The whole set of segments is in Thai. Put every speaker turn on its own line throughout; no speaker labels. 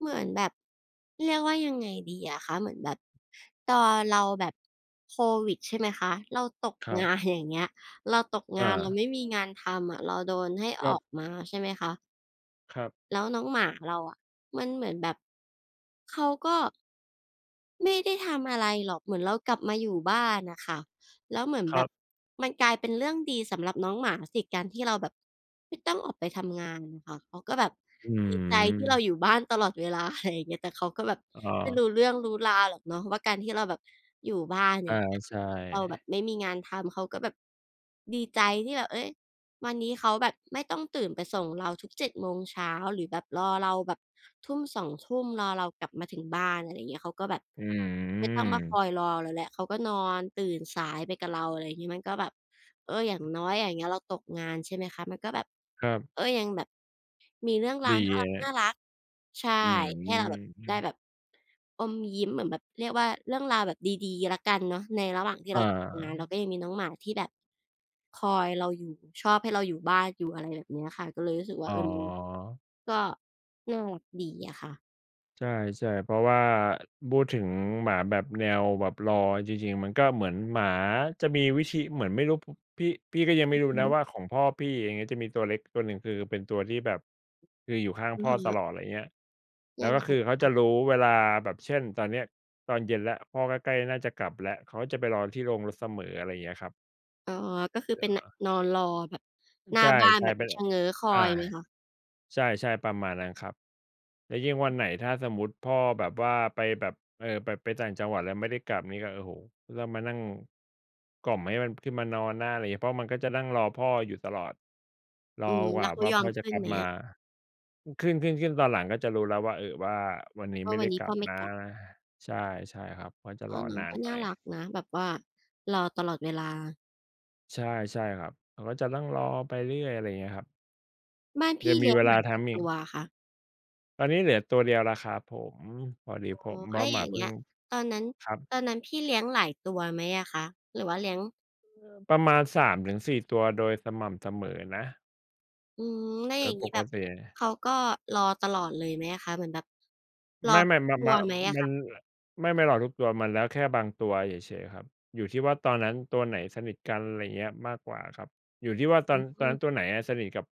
เหมือนแบบ เรียกว่ายังไงดีอะคะ เหมือนแบบตอนเราแบบโควิด ใช่ไหมคะ เราตก
ครั
งา
บ
น อย่างเงี้ย เราตกง
อ
าน เรา
า
ไม่มีงานทำอะ เราโดนให้
ค
อ
รั
อ
บ
กมา ใช่ไหมคะ
ครับ
แล้วน้องหมาเราอะมันเหมือนแบบ เขาก็ ไม่ได้ทำอะไรหรอก เหมือนเรากลับมาอยู่บ้านน่ะค่ะ แล้วเหมือน
ค
แ
ร
บ
ั
บ
บ
มันกลายเป็นเรื่องดีสำหรับน้องหมาสิ การที่เราแบบไม่ต้องออกไปทำงานค่ะ เขาก็แบบ
อ
ดีใจที่เรา
ืม
อยู่บ้านตลอดเวลา อะไรเงี้ย แต่เขาก็แบบ
อ
ไม่ร
า
ู้เรื่องรู้ราวหรอกเนาะ ว่าการที่เราแบบอยู่บ้าน อ
อ
ย
า
่างเงี้ย
ใช
เราแบ
่
บไม่มีงานทำ เขาก็แบบดีใจที่แบบ เอ๊ย วันนี้เขาแบบไม่ต้องตื่นไปส่งเราทุก 7 โมงเช้า หรือแบบรอเราแบบ ทุ่ม 2 ทุ่ม รอเรากลับมาถึงบ้าน อะไรเงี้ย เขาก็แบบ
อ
ไม่ต้องมาค
ืม
อยรอเราแล้ว เขาก็นอนตื่นสายไปกับเรา อะไรงี้ มันก็แบบ เออ อย่างน้อยอย่างเงี้ยเราตกงาน ใช่ไหมคะ มันก็แบบ
ครับ
ก็ยังแบบมีเรื่องร
ด
า
ี
วน่
ครั
า
บ
รัก ๆ ใช่
อื
ให้เราแบบได้
ม
แบบ อมยิ้ม เหมือนแบบเรียกว่าเรื่องราวแบบดี ๆ แล้วกันเนาะในระหว่างที่
อ
เราตกงาน เรา
า
ก็ยังมีน้องหมาที่แบบคอยเราอยู่ ชอบให้เราอยู่บ้านอยู่ อะไรแบบเนี้ยค่ะ ก็เลยรู้สึก
อ
ว่า
๋
เออ ม
อ
ก็น่ารักดีอะค่ะ
ใช่ ๆ เพราะว่าพูดถึงหมาแบบ แนวแบบรอ จริง ๆ มันก็เหมือนหมาจะมีวิธี เหมือนไม่รู้ พ พี่ พี่ก็ยังไม่รู้
อื
น
อฮ
ะ
ึ
ว่าของพ่อพี่ อย่างเงี้ย จะมีตัวเล็กตัวหนึ่ง คือเป็นตัวที่แบบ คืออยู่ข้าง
อื
พ
อ
่อ
ฮ
ต
ึ
ลอด ไรเงี้ย แล
ย
้
ั
ว
ง
ก็
ไง
คือเขา
ค
จะ
ะ?
รู้เวลาแบบ เช่น ตอนเนี้ยตอนเย็นแล้ว พ่อก็ใกล้น่าจะกลับแล้ว เขาจะไปรอที่โรงรถเสมอ อะไรเงี้ยครับ
อ๋อ ก็คือ
เหร
เป็น น
อ?
นอนรอแบบหน้
ใช
า
่
บ้าน แบบ
ๆ เป
ม
็
ี
น อ
ชะเง้อคอ
อา
ยไหมคะ?
ใช่ ๆ ประมาณนั้นครับ แล้วยิ่งวันไหน ถ้าสมมติพ่อแบบว่าไปแบบ เอ่อ ไป ไปต่างจังหวัด แล้วไม่ได้กลับนี้ก็ โอ้โฮ ล มานั่งกล่อมให้มันขึ้นมานอนนะ อะไรงี้ เพราะมันก็จะนั่งรอพ่ออยู่ตลอด รอ
อื
ก
ม
ว
แล
่
้
า
วเขา
ว่า
ยอ
พ่
ม
อจ
ข
ะ
ึ้
ก
น
ลับ
ไหม
มา
อะ?
ข ขึ้น ๆ ๆ ตอนหลังก็จะรู้แล้วว่า เออ ว่าวันนี้
ว่
ไม
า
่
ว
ได
ั
้
นนี
ก
้
ลั
พ่
บ
อไม่
นะ
กลับ
ใช่ ใช่ครับ เพราะจะ
อ
ร
้อ
อ
น้อ
น
ง
าน
ก็
หน
น่
่อ
าร
ย
ักนะ แบบว่ารอตลอดเวลา
ใช่ ใช่ครับ เขาก็จะนั่งรอไปเรื่อย อะไรเงี้ยครับ
บ้านพ
ย
ี
ั
่
งม
เล
ี
ี้ย
เ
ง
ว
ห
ล
ม
า
า
ท
กี่
ำอ
ต
ีก
ัวอะคะ?
ตอนนี้เหลือตัวเดียวแล้วครับผม พอดี
อ๋อ
ผม เพร
แ
า
ล
ะ
้ว
หม
อย
า
่าง
เพ
เ
ิ
งี
่
้
ง
ย ตอนนั้น
ครับ
ตอนนั้นพี่เลี้ยงหลายตัวไหมอะคะ? หรือว่าเลี้ยง
เอ่อ ประมาณ 3-4 ตัว โดยสม่ำเสมอนะ
อืม แล้ว
เอ
อ
อ
ย่างง
ป
ี้
ก
แบบ
ติ
เขาก็รอตลอดเลยไหมอะคะ? เหมือนแบบร
ไม
อ
่ ๆ ม
ตั
ม
วไหมอะ
มั
ค
น
ะ?
ไม่ ไม่รอทุกตัว มันแล้ว แค่บางตัวเฉย ๆ ครับ อยู่ที่ว่าตอนนั้นตัวไหนสนิทกัน ไรเงี้ย มากกว่าครับ อยู่ที่ว่าต
อ
อน ต
อ
อ
ื
นนั
อ
้นตัวไหนอะสนิทกับ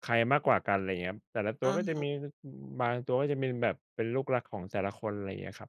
ใครมากกว่ากัน ไรเงี้ย แต่ละตั
อ
ว
ะ
ก็จะ
ฮ
มี
ะ
ล อืม บางตัวก็จะมีแบบเป็นลูกรักของแต่ละคน ไรเงี้ยครับ